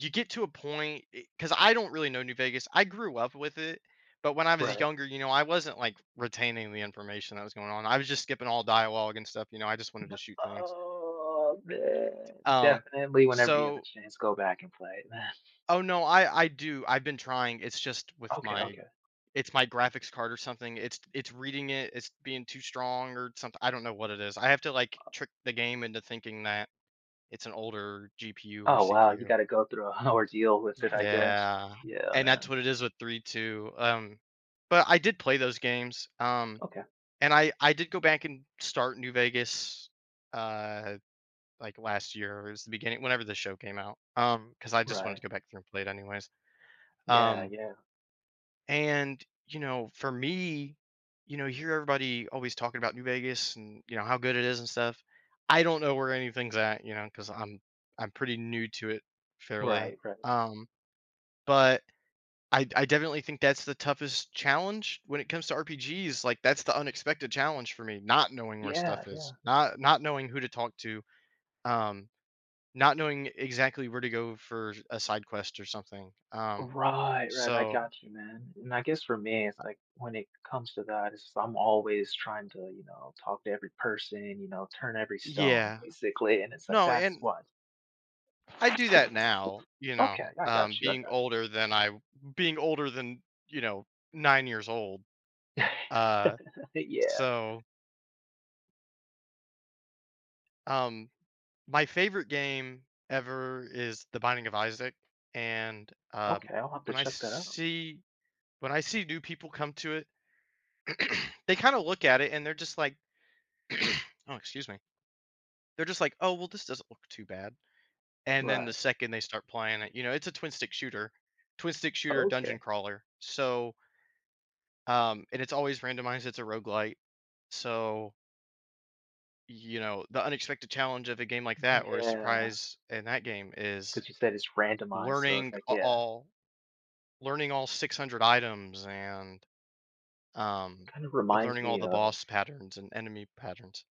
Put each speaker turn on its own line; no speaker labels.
You get to a point e 'cause I don't really know New Vegas, I grew up with it, but when I was
Right.
younger, you know, I wasn't, like, retaining the information that was going on, I was just skipping all dialogue and stuff, you know, I just wanted
Nuh
to shoot things.
oh,
D
man.
um,
Definitely whenever you have a
so
chance, go back and play it, man.
Oh, no, I I do, I've been trying, it's just with
Okay,
my
okay.
it's my graphics card or something, it's it's reading it, it's being too strong or somethi I don't know what it is, I have to, like,
Uh
trick the game into thinking that it's an older GPU or
Oh, wow, you
CPU.
gotta go through a ordeal with it, I guess.
Yeah,
Yeah,
and that's
man.
what it is with 3.2. Um, but I did play those games, um,
Okay.
and I I did go back and start New Vegas, uh, like, last year, it was the beginning whenever the show came out, um 'cause I just wanted
Right.
to go back through and play it anyways,
Yeah,
um
yeah.
and, you know, for me, you know, you hear everybody always talking about New Vegas and, you know, how good it is and stuff. I don't know where anything's at, you know, 'cause I'm I'm pretty new to it fairly,
Right, right.
um, but I I definitely think that's the toughest challenge when it comes to RPGs, like, that's the unexpected challenge for me, not knowing where
Yeah,
stuff is,
yeah.
not not knowing who to talk to, um, not knowing exactly where to go for a side quest or something, um,
Right, right, I
so
got you, man, and I guess for me, it's
Uh
like when it comes to that, it's just, I'm always trying to, you know, talk to every person, you know, turn every stone
Yeah.
basically, and it's like,
No,
"That's
and
what."
I do that now, you
Okay.
know,
I
um,
got you, I
being
got you.
older than I being older than, you know, 9 years old. Uh,
Yeah.
so Um, my favorite game ever is The Binding of Isaac, and, um,
Okay, I'll have to
when I s
check that out.
see when I see new people come to it, they kinda look at it, and they're just like oh, excuse me. They're just like, "Oh, well, this doesn't look too bad," and then the
Right.
second they start playing it you know, it's a twin-stick shooter twin-stick shooter dungeon
Okay.
crawler, so um, and it's always randomized, it's a roguelite, so you know, the unexpected challenge of a game like that or a
Yeah.
surprise in that game, is
'Cause you said it's randomized, so it's
learning
like
a
yeah.
all learning all 600 items and,
It
um,
kind of reminds
learning all
me
the
of
boss patterns and enemy patterns.